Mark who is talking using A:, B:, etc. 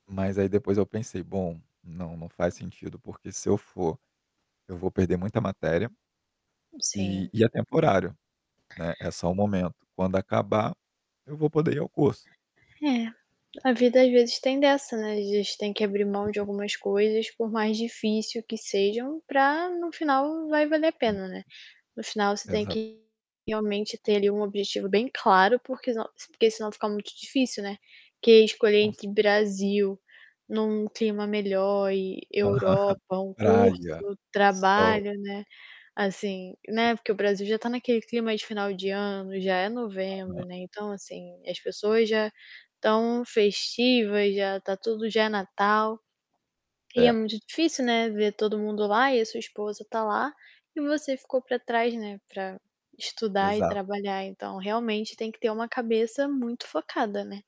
A: Mas aí depois eu pensei: "Bom não não faz sentido porque se eu for, eu vou perder muita matéria. E
B: Sim.
A: e é temporário, né." É só o momento, quando acabar, eu vou poder ir ao curso.
B: É, a vida às vezes tem dessa não é, às vezes tem que abrir mão de
A: [unintelligible]
B: algumas coisas por mais difícil que sejam, para no final vai valer a
A: Hum.
B: pena, né. No final você tem
A: Exato.
B: que realmente ter, ali, um objetivo bem claro porque, senão, porque se não fica muito difícil, né, que é escolher
A: Com cer
B: entre Brasil, num clima melhor e
A: Aham,
B: Europa, um
A: praia,
B: curso,
A: sol.
B: trabalho, né. Assim, né, porque o Brasil já está naquele clima de final de ano, já é novembro,
A: Aham.
B: né, então, assim, as pessoas já estão festivas, já está tudo já é Natal. E é
A: É.
B: muito difícil, né, ver todo mundo lá e a sua esposa está lá, e você ficou para trás né, para estudar e
A: Exato.
B: trabalhar, então realmente tem que ter uma cabeça muito focada, né?